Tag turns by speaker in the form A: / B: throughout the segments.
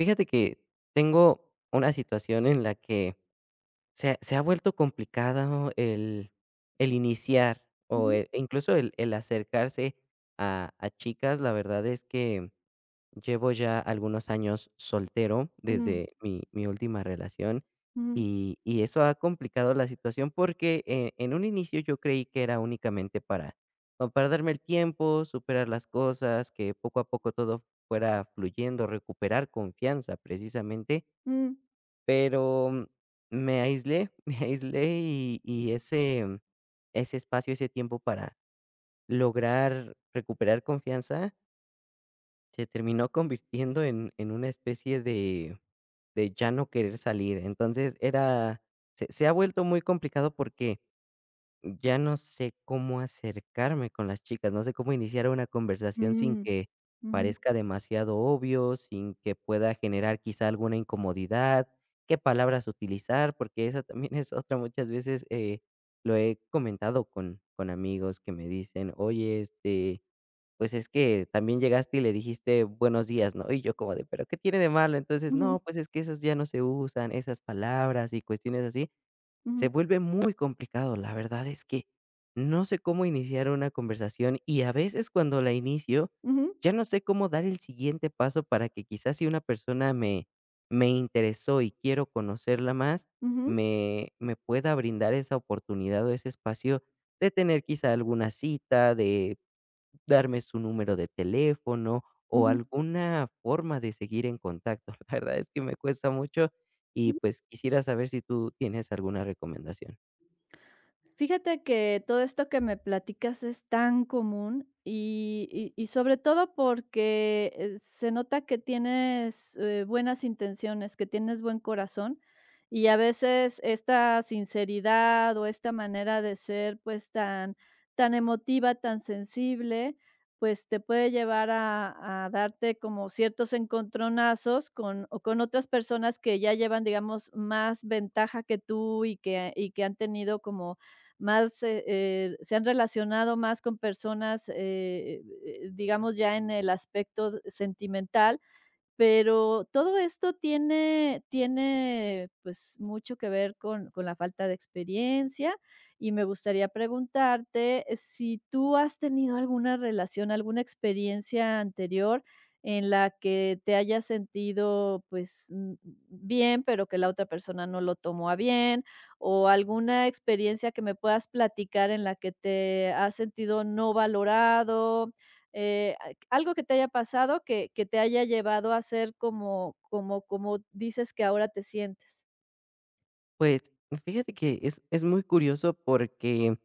A: Fíjate que tengo una situación en la que se ha se ha vuelto complicado el el iniciar, o,
B: Ujú.
A: eh, incluso, el el acercarse a a chicas. La verdad, es que llevo ya algunos años soltero
B: Mm.
A: desde mi mi última relación.
B: Ujú.
A: Y y eso ha complicado la situación, porque, eh, en un inicio, yo creí que era únicamente para, como para darme el tiempo, superar las cosas, que poco a poco todo fuera fluyendo, recuperar confianza, precisamente
B: Mm.
A: pero me aislé, me aislé, y y ese ese espacio, ese tiempo para lograr recuperar confianza se terminó convirtiendo en en una especie de de ya no querer salir. Entonces, era se se ha vuelto muy complicado, porque ya no sé cómo acercarme con las chicas, no sé cómo iniciar una conversación sin
B: Mm,
A: que
B: mm.
A: parezca demasiado obvio, sin que pueda generar, quizá, alguna incomodidad. Qué palabras utilizar, porque esa también es otra, muchas veces, eh, lo he comentado con con amigos que me dicen: "Oye, este, pues, es que también llegaste, y le dijiste 'Buenos días', ¿no?", y yo como de: "Pero ¿qué tiene de malo?". Entonces:
B: Ujú.
A: "No, pues, es que esas ya no se usan, esas palabras y cuestiones así", se
B: Ujú.
A: vuelve muy complicado. La verdad, es que, no sé, cómo iniciar una conversación. Y, a veces, cuando la inicio,
B: Ujú.
A: ya, no sé, cómo dar el siguiente paso para que, quizá, si una persona me me interesó y quiero conocerla más,
B: Ujú.
A: me me pueda brindar esa oportunidad, o ese espacio de tener, quizá, alguna cita, de darme su número de teléfono o
B: Ujú.
A: alguna forma de seguir en contacto. La verdad, es que me cuesta mucho, y,
B: Ujú.
A: pues, quisiera saber si tú tienes alguna recomendación.
B: Fíjate que todo esto que me platicas es tan común, y y y sobre todo porque se nota que tienes, eh, buenas intenciones, que tienes buen corazón. Y a veces esta sinceridad o esta manera de ser, pues, tan tan emotiva, tan sensible, pues, te puede llevar a a darte como ciertos encontronazos con o con otras personas que ya llevan, digamos, más ventaja que tú y que y que han tenido como más, eh eh, se han relacionado más con personas, eh, [unintelligible] digamos ya en el aspecto sentimental, pero todo esto tiene tiene, pues, mucho que ver con con la falta de experiencia. Y me gustaría preguntarte si tú has tenido alguna relación, alguna experiencia anterior en la que te hayas sentido, pues, bien, pero que la otra persona no lo tomó a bien, o alguna experiencia que me puedas platicar en la que te has sentido no valorado, eh, algo que te haya pasado que que te haya llevado a ser como como como dices que ahora te sientes.
A: Pues, fíjate que, es es muy curioso porque,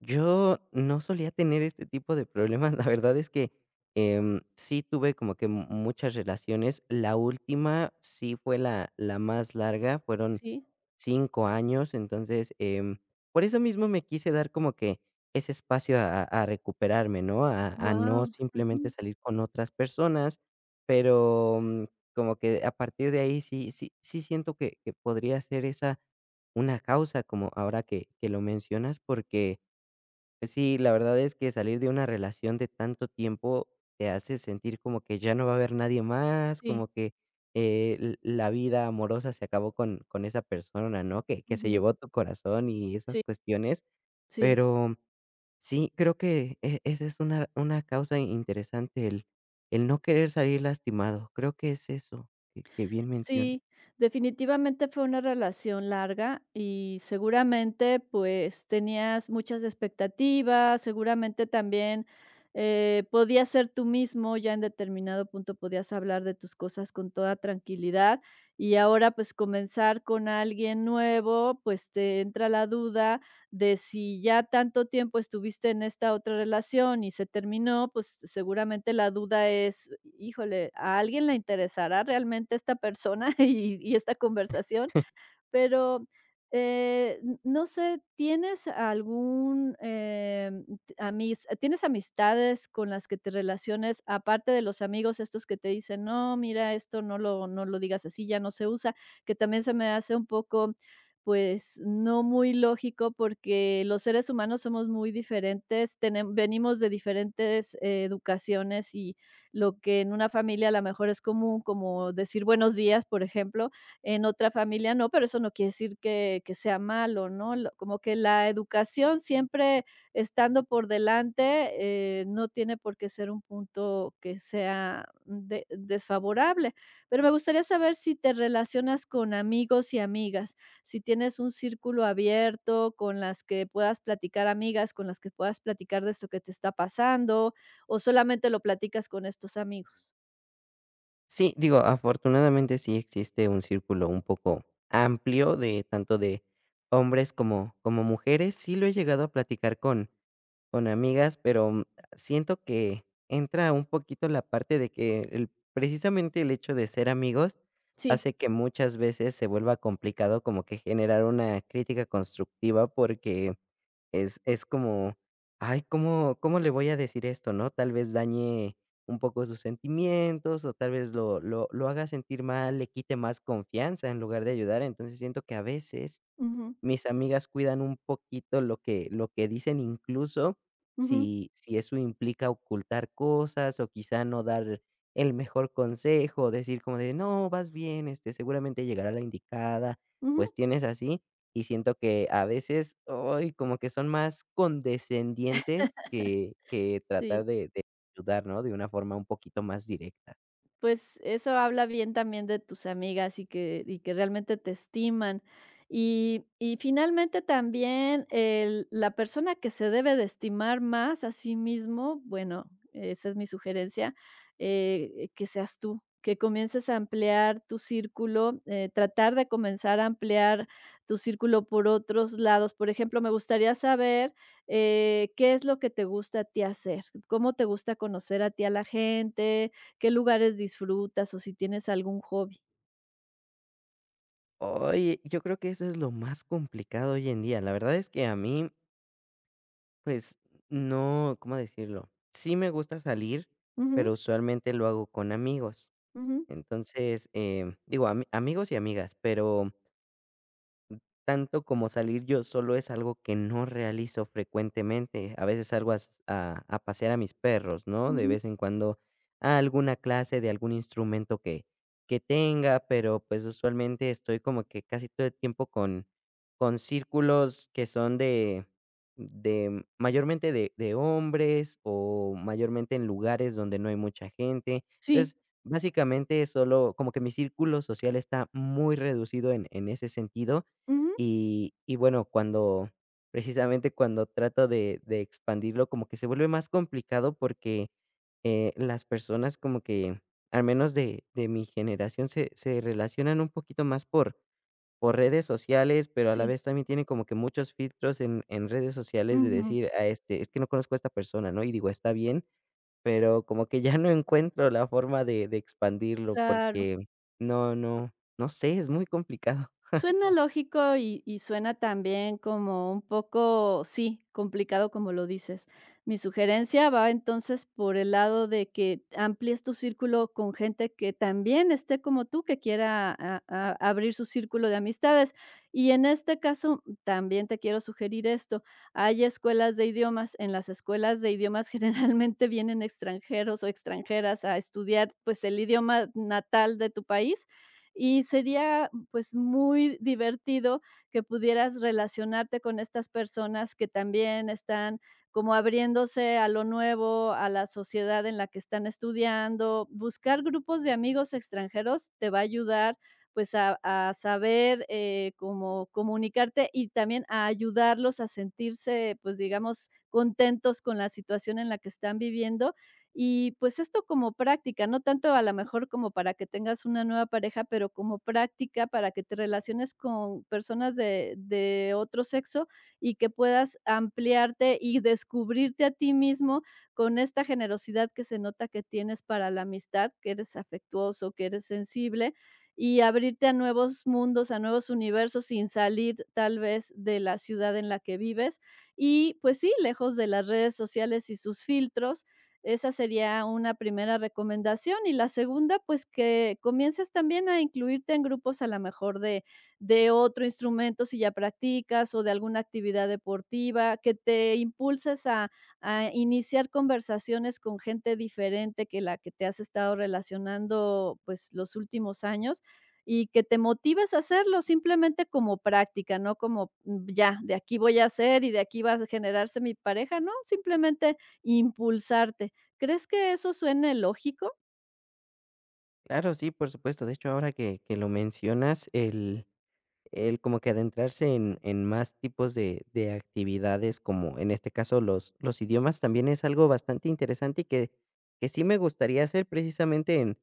A: yo no solía tener este tipo de problemas, la verdad es que, em, sí tuve como que m muchas relaciones, la última, sí fue la la más larga fueron
B: Sí.
A: 5 años, entonces, eh, por eso mismo me quise dar como que, ese espacio a a recuperarme, ¿no?, a a no
B: Guau,
A: simplemente
B: ujú.
A: salir con otras personas, pero como que a partir de ahí sí sí sí siento que que podría ser esa, una causa, como ahora que que lo mencionas porque, sí, la verdad es que, salir de una relación de tanto tiempo te hace sentir como que ya no va a haber nadie más,
B: Sí.
A: como que, eh, l la vida amorosa se acabó con con esa persona, ¿no? que que se
B: Ujú.
A: llevó tu corazón y
B: Sí.
A: esas cuestiones,
B: Sí.
A: pero sí, creo que e esa es una una causa i interesante, el el no querer salir lastimado, creo que es eso, que bien mencionas.
B: Sí, definitivamente fue una relación larga y seguramente, pues, tenías muchas expectativas, seguramente también, eh, podías ser tú mismo ya en determinado punto, podías hablar de tus cosas con toda tranquilidad, y ahora, pues, comenzar con alguien nuevo, pues, te entra la duda, de si ya tanto tiempo estuviste en esta otra relación y se terminó, pues, seguramente la duda es "Híjole, ¿a alguien le interesará realmente esta persona y y esta conversación?", pero, eh, no sé, ¿tienes algún, eh, amis tienes amistades con las que te relaciones aparte de los amigos?, estos que te dicen: "No, mira esto no lo no lo digas así ya no se usa", que también se me hace un poco, pues, no muy lógico, porque los seres humanos somos muy diferentes, tenem venimos de diferentes educaciones, y lo que en una familia, a lo mejor, es común, como decir: "Buenos días", por ejemplo, en otra familia no, pero eso no quiere decir que que sea malo, ¿no?, l como que la educación siempre estando por delante, eh, no tiene por qué ser un punto que sea de desfavorable, pero me gustaría saber si te relacionas con amigos y amigas, si tienes un círculo abierto con las que puedas platicar, amigas, con las que puedas platicar de esto que te está pasando o solamente lo platicas con estos amigos.
A: Sí, digo, afortunadamente sí existe un círculo un poco amplio de tanto de hombres como como mujeres. Sí lo he llegado a platicar con con amigas, pero, mm, siento que entra un poquito la parte de que el precisamente el hecho de ser amigos
B: Sí.
A: hace que muchas veces se vuelva complicado como que generar una crítica constructiva porque es es como: "Ay, ¿cómo cómo le voy a decir esto?", ¿no?, tal vez dañe un poco sus sentimientos o tal vez lo lo lo haga sentir mal, le quite más confianza en lugar de ayudar. Entonces, siento que, a veces,
B: Ujú.
A: mis amigas cuidan un poquito lo que lo que dicen, incluso
B: Ujú.
A: si si eso implica ocultar cosas o quizá no dar el mejor consejo o decir como de: "No, vas bien, este, seguramente llegará la indicada",
B: Ujú.
A: cuestiones así y siento que, a veces, ay, como que son más condescendientes que que tratar
B: Sí.
A: de de ayudar, ¿no?, de una forma un poquito más directa.
B: Pues, eso habla bien, también de tus amigas, y que y que realmente te estiman y y finalmente también, eh, la persona que se debe de estimar más, a sí mismo, bueno, esa es mi sugerencia, eh, que seas tú. Que comiences a ampliar tu círculo, eh, tratar de comenzar a ampliar tu círculo por otros lados, por ejemplo, me gustaría saber, eh, ¿qué es lo que te gusta a ti hacer? ¿Cómo te gusta conocer a ti a la gente? ¿Qué lugares disfrutas o si tienes algún hobby?
A: Oye, yo creo que eso es lo más complicado hoy en día. La verdad es que a mí. Pues no cómo decirlo. Sí, me gusta salir, pero
B: Ujú.
A: usualmente lo hago con amigos.
B: Ujú.
A: Entonces, eh, digo ami amigos y amigas, pero mm, tanto como salir yo solo es algo que no realizo frecuentemente. A veces salgo as a a pasear a mis perros, ¿no?, de
B: Ujú.
A: vez en cuando a alguna clase de algún instrumento que que tenga, pero pues usualmente estoy como que casi todo el tiempo con con círculos que son de de mayormente de de hombres o mayormente en lugares donde no hay mucha gente.
B: Sí.
A: Entonces, básicamente solo como que mi círculo social está muy reducido en en ese sentido
B: Ujú.
A: y y bueno, cuando precisamente cuando trato de de expandirlo como que se vuelve más complicado porque, eh, las personas como que al menos de de mi generación se se relacionan un poquito más por por redes sociales, pero a la
B: Sí.
A: vez también tiene como que muchos filtros en en redes sociales de
B: Ujú.
A: decir: "A este es que no conozco a esta persona", ¿no?, y digo está bien, pero como que ya no encuentro la forma de de expandirlo
B: Claro.
A: porque no no, no sé, es muy complicado.
B: Suena lógico y y suena también como un poco sí, complicado, como lo dices. Mi sugerencia va entonces por el lado de que amplíes tu círculo con gente que también esté como tú que quiera a a abrir su círculo de amistades, y en este caso también te quiero sugerir esto. Hay escuelas de idiomas, en las escuelas de idiomas generalmente vienen extranjeros o extranjeras a estudiar, pues el idioma natal de tu país, y sería pues muy divertido que pudieras relacionarte con estas personas que también están como abriéndose a lo nuevo a la sociedad en la que están estudiando, buscar grupos de amigos extranjeros te va a ayudar, pues a a saber, eh, cómo comunicarte y también a ayudarlos a sentirse, pues digamos contentos con la situación en la que están viviendo, y pues esto como práctica, no tanto a lo mejor como para que tengas una nueva pareja, pero como práctica para que te relaciones con personas de de otro sexo y que puedas ampliarte y descubrirte a ti mismo con esta generosidad que se nota que tienes para la amistad que eres afectuoso, que eres sensible, y abrirte a nuevos mundos a nuevos universos sin salir, tal vez de la ciudad en la que vives, y pues sí, lejos de las redes sociales y sus filtros. Esa sería una primera recomendación y la segunda, pues que comiences también a incluirte en grupos, a lo mejor de de otro instrumento si ya practicas o de alguna actividad deportiva que te impulses a a iniciar conversaciones con gente diferente que la que te has estado relacionando, pues los últimos años, y que te motives a hacerlo simplemente como práctica, no como ya de aquí voy a hacer y de aquí va a generarse mi pareja, no simplemente impulsarte, ¿crees que eso suene lógico?
A: Claro, sí, por supuesto. De hecho, ahora que que lo mencionas el el como que adentrarse en en más tipos de de actividades, como en este caso los los idiomas también es algo bastante interesante y que que sí me gustaría hacer precisamente en,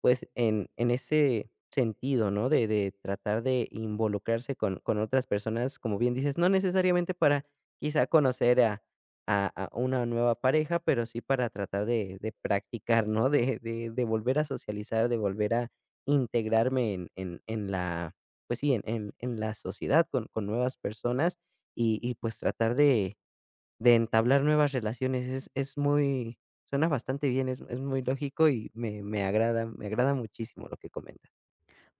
A: pues, en en ese sentido, ¿no?, de de tratar de involucrarse con con otras personas, como bien dices, no necesariamente para quizás conocer a a a una nueva pareja, pero sí para tratar de de practicar, ¿no?, de de de volver a socializar, de volver a integrarme en en en la, pues, sí, en en la sociedad con con nuevas personas y y, pues, tratar de de entablar nuevas relaciones. Es es muy suena bastante bien. Es es muy lógico y me me agrada me agrada muchísimo lo que comentas.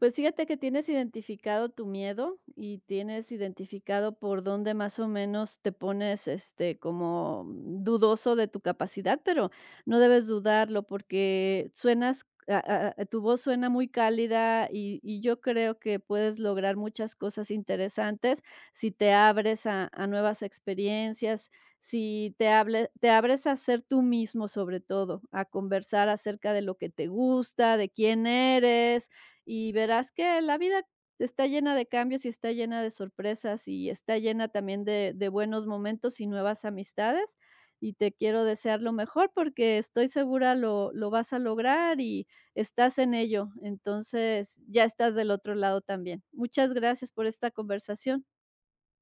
B: Pues, fíjate que tienes identificado tu miedo y tienes identificado por dónde más o menos te pones, este, como dudoso de tu capacidad. Pero no debes dudarlo porque suenas, ah ah, tu voz suena muy cálida y y yo creo que puedes lograr muchas cosas interesantes. Si te abres a a nuevas experiencias, si te hable te abres a hacer tu mismo, sobre todo a conversar acerca de lo que te gusta, de quién eres y verás que la vida está llena de cambios y está llena de sorpresas y está llena también de de buenos momentos y nuevas amistades y te quiero desear lo mejor porque estoy segura lo lo vas a lograr y estás en ello. Entonces, ya estás del otro lado también. Muchas gracias por esta conversación.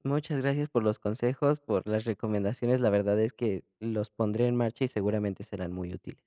A: Muchas gracias por los consejos, por las recomendaciones. La verdad es que los pondré en marcha y seguramente serán muy útiles.